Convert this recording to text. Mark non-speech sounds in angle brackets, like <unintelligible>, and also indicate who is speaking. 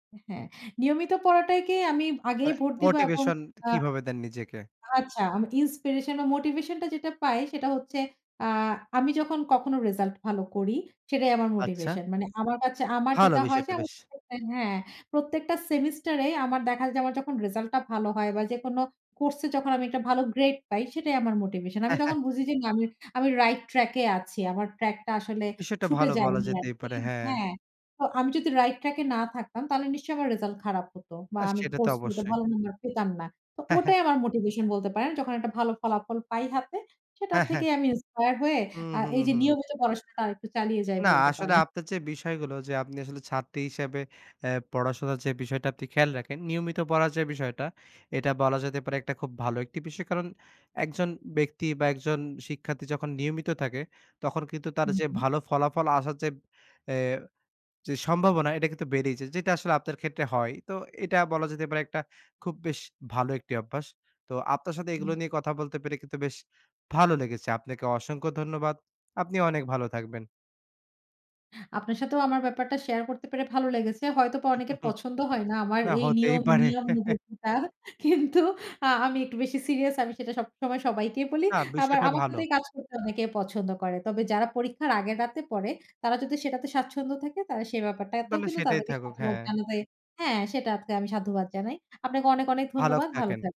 Speaker 1: হ্যাঁ, নিয়মিত পড়াটাইকে আমি আগেই
Speaker 2: মানে,
Speaker 1: ভোট দিব এবং
Speaker 2: মোটিভেশন
Speaker 1: আ
Speaker 2: কিভাবে দেন নিজেকে?
Speaker 1: আচ্ছা আমি তো ইন্সপিরেশন ও মোটিভেশন টা যেটা পাই সেটা হচ্ছে আ আমি যখন কখনো রেজোল্ট ভালো করি, সেটাই আমার
Speaker 2: আচ্ছা।
Speaker 1: মোটিভেশন। মানে আমার পাচ্ছে আমার
Speaker 2: ভালো
Speaker 1: যেটা হয় যে
Speaker 2: বিষয়টা,
Speaker 1: আমি
Speaker 2: বেশ।
Speaker 1: <unintelligible> হ্যাঁ, প্রত্যেকটা সেমিস্টারে আমার দেখা যায় আমার যখন রেজাল্টটা ভালো হয় বা যেকোনো কোর্স এ যখন আমি একটা ভালো গ্রেড পাই সেটাই আমার মোটিভেশন। আমি তখন
Speaker 2: <chuckles>
Speaker 1: বুঝি যে না আমি আমি রাইট ট্রাক এ আছি। আমার ট্রাক টা আসলে
Speaker 2: বিষয়টা
Speaker 1: ছুটে
Speaker 2: ভালো বলা
Speaker 1: যায়নি
Speaker 2: যেতেই
Speaker 1: আরকি।
Speaker 2: পারে, হ্যাঁ।
Speaker 1: হ্যাঁ, তো আমি যদি রাইট ট্রাক এ না থাকতাম তাহলে নিশ্চয়ই আমার রেজাল্ট খারাপ হত। বা
Speaker 2: আ
Speaker 1: আমি
Speaker 2: সেটা তো
Speaker 1: কোর্সগুলোতে
Speaker 2: অবশ্যই।
Speaker 1: ভালো নাম্বার পেতাম না। তো
Speaker 2: <chuckles>
Speaker 1: ওটাই আমার মোটিভেশন বলতে পারেন। যখন একটা ভালো ফলাফল পাই হাতে, সেটার
Speaker 2: হ্যাঁ, হ্যাঁ।
Speaker 1: থেকেই আমি ইন্সপায়ার হয়ে
Speaker 2: হুম,
Speaker 1: আ
Speaker 2: হুম,
Speaker 1: এই যে
Speaker 2: হুম।
Speaker 1: নিয়মিত পড়াশোনাটা আর একটু চালিয়ে যাই
Speaker 2: না,
Speaker 1: বলতে
Speaker 2: আসলে
Speaker 1: পারেন।
Speaker 2: আপনার যে বিষয়গুলো, যে আপনি আসলে ছাত্রী হিসেবে এ্যা পড়াশোনার যে বিষয়টা আপনি খেয়াল রাখেন। নিয়মিত পড়ার যে বিষয়টা, এটা বলা যেতে পারে একটা খুব ভালো একটি বিষয়। কারণ একজন ব্যক্তি বা একজন শিক্ষার্থী যখন নিয়মিত থাকে, তখন কিন্তু তার
Speaker 1: হু,
Speaker 2: যে
Speaker 1: হু।
Speaker 2: ভালো ফলাফল আসার যে এ যে সম্ভাবনা এটা কিন্তু বেড়েই যায়। যেটা আসলে আপনার ক্ষেত্রে হয়। তো এটা বলা যেতে পারে একটা খুব বেশ ভালো একটি অভ্যাস। তো আপনার সাথে
Speaker 1: হুম।
Speaker 2: এগুলো নিয়ে কথা বলতে পেরে কিন্তু বেশ ভালো লেগেছে। আপনাকে অসংখ্য ধন্যবাদ। আপনি অনেক ভালো থাকবেন।
Speaker 1: আপনার সাথেও আমার ব্যাপারটা শেয়ার করতে পেরে ভালো লেগেছে। হয়তোবা অনেকের
Speaker 2: <chuckles>
Speaker 1: পছন্দ হয় না, আমার
Speaker 2: না,
Speaker 1: এই
Speaker 2: হতেই
Speaker 1: নিয়ম
Speaker 2: পারে। <chuckles>
Speaker 1: নিয়মানুবর্তিতা <laughs> কিন্তু আ আমি একটু বেশি সিরিয়াস, আমি সেটা সবসময় সবাইকেই বলি।
Speaker 2: না,
Speaker 1: আবার
Speaker 2: বিষয়টা
Speaker 1: আমার
Speaker 2: ভালো।
Speaker 1: সাথেই কাজ করতে অনেকে পছন্দ করে। তবে যারা পরীক্ষার আগের রাতে পড়ে, তারা যদি সেটাতে স্বাচ্ছন্দ্য থাকে, তারা সে ব্যাপারটাতেও
Speaker 2: তাহলে
Speaker 1: কিন্তু
Speaker 2: সেটাই
Speaker 1: তাদেরকে
Speaker 2: থাকুক,
Speaker 1: সাধুবাদ
Speaker 2: হ্যাঁ।
Speaker 1: জানাতে হ্যাঁ, সেটা আজকে আমি সাধুবাদ জানাই। আপনাকে অনেক অনেক
Speaker 2: ভালো
Speaker 1: ধন্যবাদ। ভালো
Speaker 2: থাকেন।
Speaker 1: থাকবেন।